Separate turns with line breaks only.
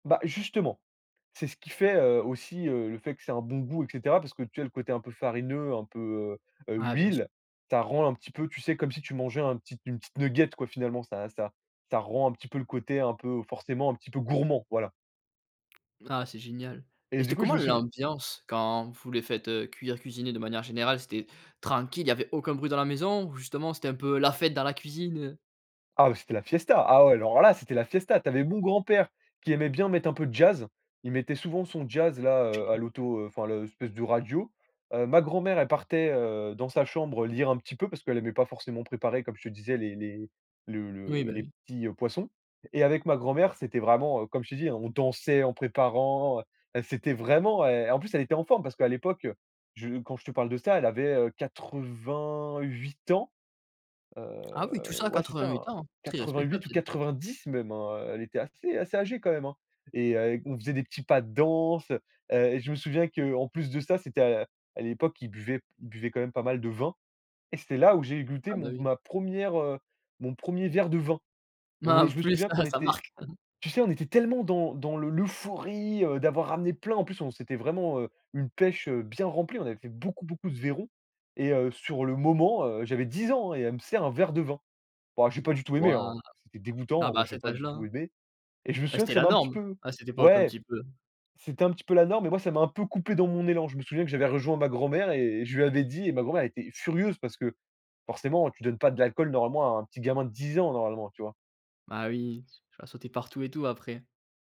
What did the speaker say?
Bah justement, c'est ce qui fait, heu, aussi, heu, le fait que c'est un bon goût et cetera, parce que, tu sais, le côté un peu farineux, un peu, heu,
Ouais, bien sûr.
l'huile, ça rend un petit peu, tu sais, comme si tu mangeais un petit une petite nugget, quoi, finalement, ça ça ça rend un petit peu le côté, un peu, forcément, un petit peu gourmand, voilà
Ah c'est génial.
et
Et
du
c'était
coup, je
comment
me souviens
l'ambiance quand vous les faites, heu, cuire, cuisiner de manière générale? C'était tranquille, il y avait aucun bruit dans la maison, ou justement, c'était un peu la fête dans la cuisine, heu?
Ah, c'était la fiesta, ah ouais, alors là, c'était la fiesta, tu avais mon grand père qui aimait bien mettre un peu de jazz, il mettait souvent son jazz là, heu, à
Génial.
l'auto enfin l'espèce de radio. Heu, ma grand-mère, elle partait, heu, dans sa chambre, heu, lire un petit peu parce qu'elle aimait pas forcément préparer, comme je te disais, les les le
Oui,
le
bah,
les
oui.
petits, heu, poissons. Et avec ma grand mère, c'était vraiment, heu, comme je t'ai dit, hein, on dansait en préparant, c'était vraiment et en plus, elle était en forme parce qu'à l'époque je quand je te parle de ça, elle avait, heu, 88 ans,
Ah oui, tout ça
heu,
à
ouais, c'est ça, hein,
88 ans, très respectable,
88 ou
c'est
90 même, hein, heu, elle était assez assez âgée quand même, hein. Et heu, on faisait des petits pas de danse. Heu, je me souviens qu'en plus de ça, c'était à à l'époque ils buvaient ils buvaient quand même pas mal de vin. Et c'était là où j'ai goûté
Ah beh,
mon
oui.
ma 1re, heu, mon 1er verre de vin. Non
Ah
mais,
en
je me
plus,
souviens
ah,
qu'on
ça
était,
marque.
tu sais, on était tellement dans dans le l'euphorie, heu, d'avoir ramené plein en plus, on c'était vraiment, heu, une pêche, heu, bien remplie, on avait fait beaucoup, beaucoup de vairons et heu, sur le moment, heu, j'avais 10 ans, hein et elle me sert un verre de vin. Bon, j'ai pas du tout aimé, hein,
Waouh,
c'était
ah
dégoûtant,
bah,
moi,
à
j'ai
cet
pas du tout
âge-là.
aimé. Et je me
Beh,
souviens que
c'était
ça
la
m'a un petit
norme
peu
à cette époque un
ouais,
petit peu.
c'était un petit peu la norme mais moi, ça m'a un peu coupé dans mon élan. Je me souviens que j'avais rejoint ma grand mère et je lui avais dit et ma grand mère elle était furieuse parce que forcément, tu donnes pas de l'alcool normalement à un petit gamin de 10 ans, normalement, tu vois?
Ah oui, tu vas sauter partout et tout, après.